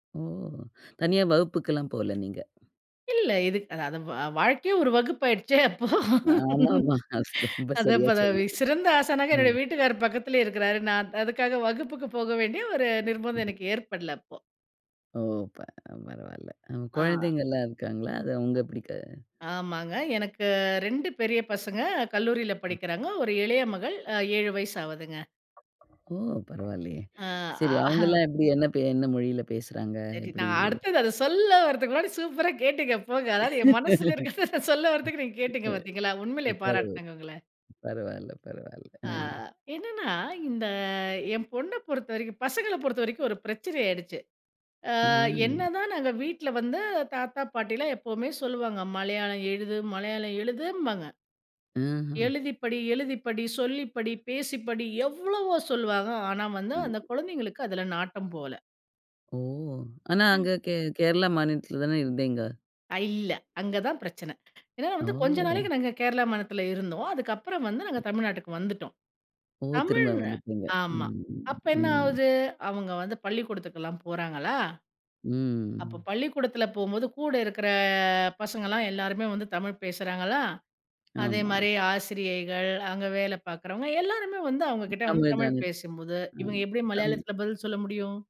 ஓ! தனியா வகுப்புக்குலாம் போல நீங்க. இல்லை இது, அதாவது வாழ்க்கையே ஒரு வகுப்பு ஆயிடுச்சே அப்போ. ஆமாம்மா, அது ரொம்ப அத சரியா பதவி சொன்னீங்க, சிறந்த ஆசனாக என்னுடைய ம். வீட்டுக்காரர் பக்கத்துலயே இருக்கிறார், நான் த் அதுக்காக வகுப்புக்கு போக வேண்டிய ஒரு நிர்பந்தம், எனக்கு ஏற்படல அப்போ. ஓ ப பரவாயில்ல, ஆ குழந்தைங்கலாம் இருக்காங்களா, அது அங்க படிக்காதா? ஆமாங்க, எனக்கு 2 பெரிய பசங்க கல்லூரியில படிக்கிறாங்க, ஒரு இளைய மகள் அ 7 வயசு ஆவுதுங்க. ஓ பரவாயில்லையே, சரி ம்ஆஹ அவங்கலாம் எப்படி என்ன ப என்ன மொழியில பேசுறாங்க? சரி எப்படி நான் அடுத்தது அதை சொல்ல வரதுக்கு முன்னாடி சூப்பரா கேட்டிங்க போங்க, அதாவது என் மனசுல இருக்கறத சொல்ல வரதுக்கு நீங்க கேட்டிங்க பார்த்தீங்களா? உண்மையிலே ம் பரவு பாராட்டுனூங்க உங்கள. பரவாயில்ல பரவாயில்ல, அ ஆ என்னன்னா இந்த என் பொண்ணை பொறுத்தவரைக்கும் பசங்களை பொறுத்தவரைக்கும், ஒரு பிரச்சனை ஆயிடுச்சு, ஆ ம். என்னதான் நாங்க வீட்ல வந்து, தாத்தா பாட்டிலாம் எப்பவுமே சொல்லுவாங்க, மலையாளம் எழுது மலையாளம் எழுதும்பாங்க, ம். எழுதி படி எழுதி படி, சொல்லி படி, பேசிப்படி, எவ்வளவோ சொல்வாங்க, ஆனா வந்து ம். அந்த குழந்தைகளுக்கு, அதில நாட்டம் போல. ஓ! ஆனா, ஆ அங்க கே கேரளா மாநிலத்தில தானே இருந்தீங்க? ஐ. இல்லை அங்க தான் பிரச்சனை, ஏனா வந்து, கொஞ்ச ஓ! நாளைக்கு நாங்க கேரளா மாநிலத்தில இருந்தோம், அதுக்கப்புறம் வந்து நாங்க தமிழ்நாட்டுக்கு வந்துட்டோம். ஓ! திரும்ப தமிழ் வந்துட்டீங்க ஆமா, அப்போ என்ன ம். ஆவுது, அவங்க வந்து பள்ளிக்கூடத்துக்குலாம் போறாங்களா, அப்போ ம். பள்ளிக்கூடத்தில போம்போது கூட இருக்கிற, பசங்கலாம் எல்லாருமே வந்து தமிழ் பேசுறாங்களா, ஆமா. அதேமாரி ஆசிரியைகள், அங்க வேலை பார்க்குறவங்க, எல்லாருமே வந்து அவங்ககிட்ட வந்து தமிழ் தமிழ் தானே. பேசும்போது, இவங்க ம். எப்படி தமிழ். மலையாளத்தில பதில் சொல்ல முடியும்?